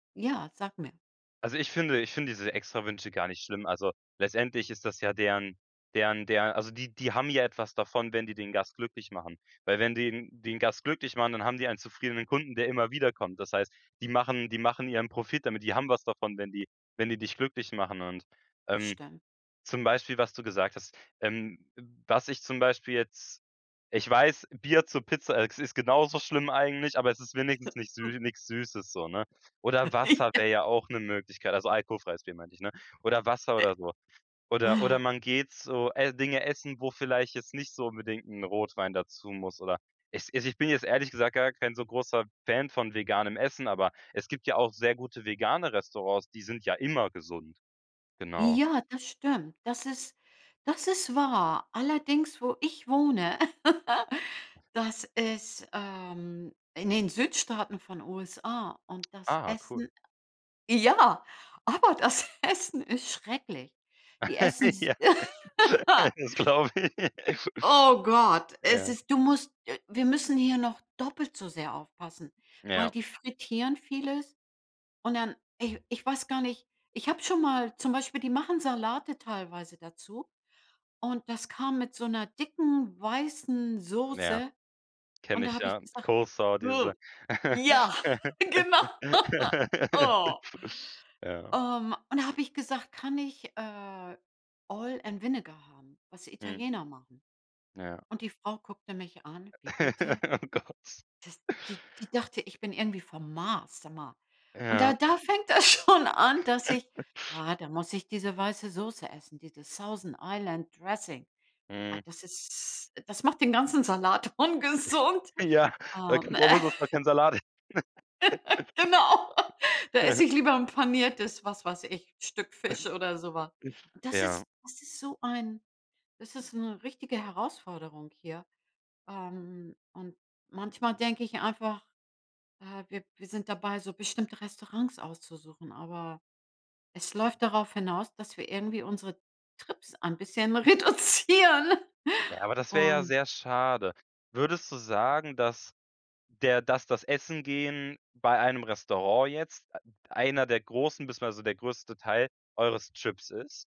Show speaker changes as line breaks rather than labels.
Ja, sag mir.
Also, ich finde ich finde diese Extrawünsche gar nicht schlimm. Also, letztendlich ist das ja deren deren der also, die die haben ja etwas davon, wenn die den Gast glücklich machen, weil wenn die den Gast glücklich machen, dann haben die einen zufriedenen Kunden, der immer wiederkommt. Das heißt, die machen die machen ihren Profit damit. Die haben was davon, wenn die wenn die dich glücklich machen und, ähm,
Stimmt.
zum Beispiel, was du gesagt hast ähm, w was ich zum Beispiel jetzt ich weiß, Bier zur Pizza, äh, ist genauso schlimm eigentlich, aber es ist wenigstens nichts sü nix Süßes so, ne? Oder Wasser
Ja.
wäre ja auch 'ne Möglichkeit, also, alkoholfreies Bier, meinte ich, ne? Oder Wasser
Äh,
oder so. Oder oder
ah.
man geht so, äh, Dinge essen, wo vielleicht jetzt nicht so unbedingt 'n Rotwein dazu muss oder es also, ich bin jetzt ehrlich gesagt gar kein so großer Fan von veganem Essen, aber es gibt ja auch sehr gute vegane Restaurants, die sind ja immer gesund. Genau.
Ja, das stimmt. Das ist das ist wahr. Allerdings, wo ich wohne, das ist, ähm, in den Südstaaten von USA, und das
Ah, cool.
Essen ja, aber das Essen ist schrecklich. Die essen s
Ja, das glaube ich.
Oh Gott, es
Ja.
ist du musst äh, wir müssen hier noch doppelt so sehr aufpassen, weil
Ja.
die frittieren vieles und dann ich ich weiß gar nicht ich habe schon mal zum Beispiel, die machen Salate teilweise dazu. Und das kam mit so 'ner dicken weißen
Ja,
Soße. Und
kenne
da
ich
habe ich
ja,
gesagt:„“
Coleslaw, diese
[unintelligible] Ja, genau. Oh.
Ja.
Ähm, und da habe ich gesagt: „Kann ich, äh, Oil and Vinegar haben, was
Mhm.
Italiener machen?“
Ja.
Und die Frau guckte mich an: „Wie bitte?“
Oh, Gott.
Das die die dachte, ich bin irgendwie vom Mars. Sag mal. Und da
Ja.
da fängt das schon an, dass ich Ah, da muss ich diese weiße Soße essen, dieses Thousand Island Dressing. Ah,
Mhm.
das ist das macht den ganzen Salat ungesund.
Ja, da kr
Ähm.
brauch man auf jeden Fall keinen Salat.
Genau. Da esse ich lieber ’n Paniertes, was weiß ich, Stück Fisch oder so was. Und das
Ja.
ist das ist so ein das ist 'ne richtige Herausforderung hier. Ähm, und manchmal denke ich einfach, äh, wir wir sind dabei, so bestimmte Restaurants auszusuchen. Aber es läuft darauf hinaus, dass wir irgendwie unsere Trips ein bisschen reduzieren.
Ja, aber das wäre ja
Und
sehr schade. Würdest du sagen, dass der dass das Essen gehen bei einem Restaurant jetzt, äh, einer der großen beziehungsweise der größte Teil, eures Trips ist?